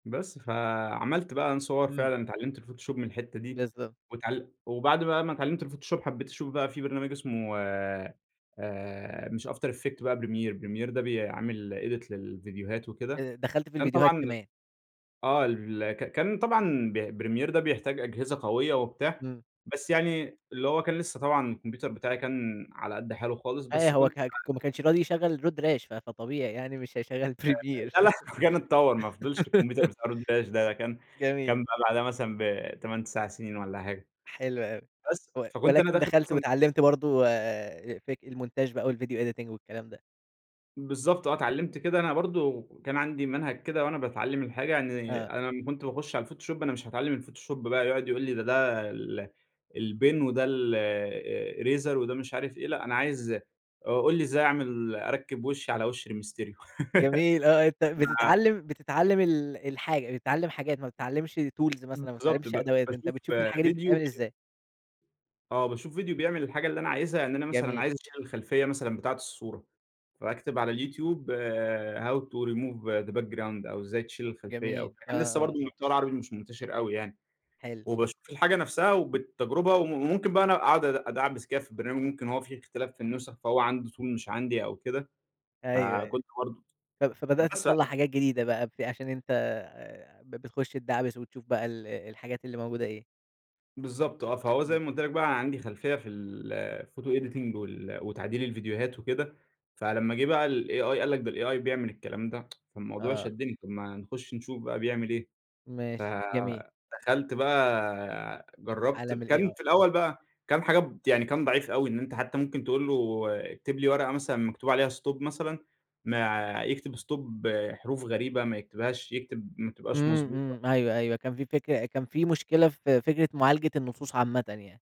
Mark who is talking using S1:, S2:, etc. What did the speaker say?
S1: بس فعملت بقى أنا صور
S2: إمم.
S1: فعلًا، اتعلمت الفوتوشوب من الحتة دي،
S2: بالضبط.
S1: واتعـل وبعد بقى ما اتعلمت الفوتوشوب، حبّيت أشوف بقى في برنامج اسمه آآ، مش after effect بقى premier ،premier ده بيعمل edit للفيديوهات وكده،
S2: آآ، دخلت في
S1: فأنا
S2: الفيديوهات
S1: طبعًا
S2: كمان.
S1: آه، ال ك كان طبعًا ب premier ده بيحتاج أجهزة قوية وبتاع،
S2: إمم.
S1: بس يعني اللي هو كان لسه طبعًا الكمبيوتر بتاعي كان على قد حاله خالص
S2: أيوه،
S1: بس
S2: هو
S1: كنت ب
S2: كان ما كانش راضي يشغل الرود راش ف فطبيعي يعني مش هيشغل
S1: آآ،
S2: premier.
S1: لأ، لأ، كان اتطور ما فضلش الكمبيوتر بتاع رود داش ده كان
S2: جميل.
S1: كان بقى بعدها مثلًا ب8، 9 سنين والّا حاجة.
S2: حلو أوي،
S1: بس،
S2: و
S1: فكنت أنا
S2: ولكن
S1: داخل
S2: دخلت
S1: أصلًا
S2: واتعلمت برضه آآ، فيك المونتاج بقى والفيديو editing والكلام ده.
S1: بالضبط آه، اتعلمت كده أنا برضه كان عندي منهج كده وأنا باتعلم الحاجة، يعني
S2: آه.
S1: أنا لمّا كنت باخش على الفوتوشوب، أنا مش هاتعلم الفوتوشوب بقى يقعد يقول لي ده ده ال البِن وده الرِيزر وده مش عارف إيه، لأ، أنا عايز أ قُل لي إزاي أعمل أركب وشي على وش ري مستريو
S2: جميل، آه، أنت
S1: ف
S2: بتتعلم بتتعلم ال الحاجة بتتعلم حاجات، ما بتتعلمش tools مثلًا ما
S1: بالضبط، ب
S2: بتتعلمش أدوات أنت
S1: باشوف
S2: بتشوف الحاجة دي
S1: فيديو
S2: بتتعمل
S1: وك
S2: إزاي.
S1: آه، باشوف فيديو بيعمل الحاجة اللي أنا عايزها، يعني أنا مثلًا
S2: جميل.
S1: عايز اشيل الخلفية مثلًا بتاعة الصورة، فأكتب على اليوتيوب، how to remove the background أو إزاي تشيل الخلفية أو
S2: جميل، آه،
S1: كان لسه
S2: آه،
S1: برضه
S2: آه.
S1: المحتوى العربي مش منتشر أوي يعني.
S2: حلو.
S1: وباشوف الحاجة نفسها، وبالتجربة و وممكن بقى أنا اقعد اد ادعبس كده في البرنامج ممكن هو في اختلاف في النسخ، فهو عنده tool مش عندي أو كده،
S2: أيوه، أيو،
S1: فكنت برضه
S2: ه ط فبدأت
S1: مثلًا.
S2: تطّلع حاجات جديدة بقى، عشان أنت بتخش تدعبس وتشوف بقى ال الحاجات اللي موجودة إيه.
S1: بالضبط آه، فهو زي
S2: إمم.
S1: ما قُلت لك بقى أنا عندي خلفية في الphoto editing وال وتعديل الفيديوهات وكده، فلمّا جه بقى الAI قال لك ده الAI بيعمل الكلام ده، فالموضوع
S2: آه.
S1: شدني. طب، ما نخش نشوف بقى بيعمل إيه،
S2: ماشي، جميل.
S1: فدخلت بقى جربت
S2: عالم
S1: ب كان في
S2: الAI.
S1: الأول بقى كان حاجات يعني كان ضعيف أوي، إن أنت حتى ممكن تقول له اكتب لي ورقة مثلًا مكتوب عليها stop مثلًا، ما يكتب stop حروف غريبة، ما يكتبهاش يكتب ما تبقاش
S2: إمم،
S1: مضبوطة.
S2: إمم. أيوه، أيوه، كان في فكرة كان في مشكلة في فكرة معالجة النصوص عامةً يعني.